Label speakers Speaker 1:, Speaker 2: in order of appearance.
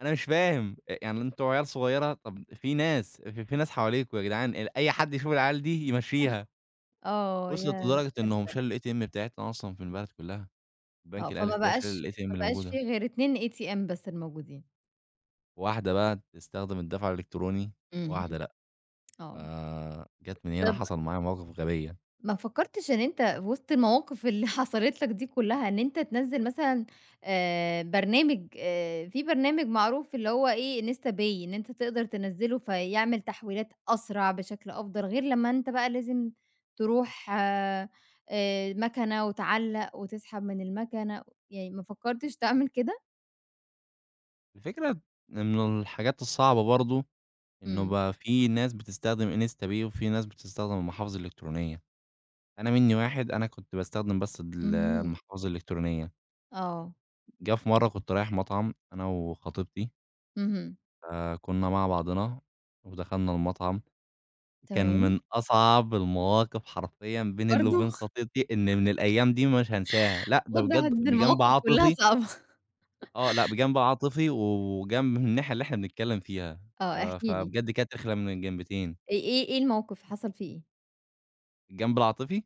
Speaker 1: أنا مش فاهم أ يعني أنتم عيال صغيرة، طَب في ناس ف في ناس حواليكم ياجدعان، أي حد يشوف العيال دي يمشّيها،
Speaker 2: آه،
Speaker 1: وصلت
Speaker 2: ياه! لأ
Speaker 1: لدرجة إنهم
Speaker 2: كارثة.
Speaker 1: شالوا الATM بتاعتنا أصلًا في البلد كلها،
Speaker 2: آه،
Speaker 1: البنك الأهلي
Speaker 2: فما
Speaker 1: جه
Speaker 2: بقاش
Speaker 1: شال الATM
Speaker 2: ما
Speaker 1: اللي
Speaker 2: بقاش في
Speaker 1: الموجودة.
Speaker 2: غير 2 ATM بس الموجودين.
Speaker 1: واحدة بقى بتستخدم الدفع الإلكتروني،
Speaker 2: اهم،
Speaker 1: وواحدة لأ، ف
Speaker 2: آه.
Speaker 1: جات من هنا
Speaker 2: طَب
Speaker 1: حصل معايا مواقف غبية.
Speaker 2: ما فكّرتش إن أنت وِسط المواقف اللي حصلت لك دي كلّها، إن أنت تنزّل مثلًا آآ، برنامج آآ، في برنامج معروف اللي هو إيه Instapay إن أنت تقدر تنزّله فيعمل تحويلات أسرع، بشكل أفضل، غير لمّا أنت بقى لازم تروح آآ، مكنة، وتعلّق وتسحب من المكنة، يعني ما فكّرتش تعمل كده؟
Speaker 1: الفكرة إنه الحاجات الصعبة برضه، إنه
Speaker 2: إمم.
Speaker 1: بقى في ناس بتستخدم Instapay وفي ناس بتستخدم المحافظ الإلكترونية، أنا مني واحد أنا كنت باستخدم بس ال
Speaker 2: إمم.
Speaker 1: المحافظ الإلكترونية.
Speaker 2: آه.
Speaker 1: جَه في مرة كنت رايح مطعم أنا وخطيبتي.
Speaker 2: اهم.
Speaker 1: فكُنا مع بعضنا ودخلنا المطعم، كان
Speaker 2: تمام.
Speaker 1: من أصعب المواقف حرفيًا بين الل
Speaker 2: برضه؟
Speaker 1: وبين خطيبتي، إن من الأيام دي مش هانساها، لأ ده
Speaker 2: واضح
Speaker 1: بجد
Speaker 2: إن
Speaker 1: بجنب
Speaker 2: المواقف كلها
Speaker 1: عاطفي.
Speaker 2: صعبة.
Speaker 1: آه، لأ بجنب عاطفي و وجنب من الناحية اللي إحنا بنتكلم فيها
Speaker 2: آه، احكِ
Speaker 1: آآ، ف
Speaker 2: لي.
Speaker 1: فبجد كانت رخمه من الجنبتين.
Speaker 2: إيه إيه إيه الموقف حصل فيه إيه؟
Speaker 1: الجنب العاطفي.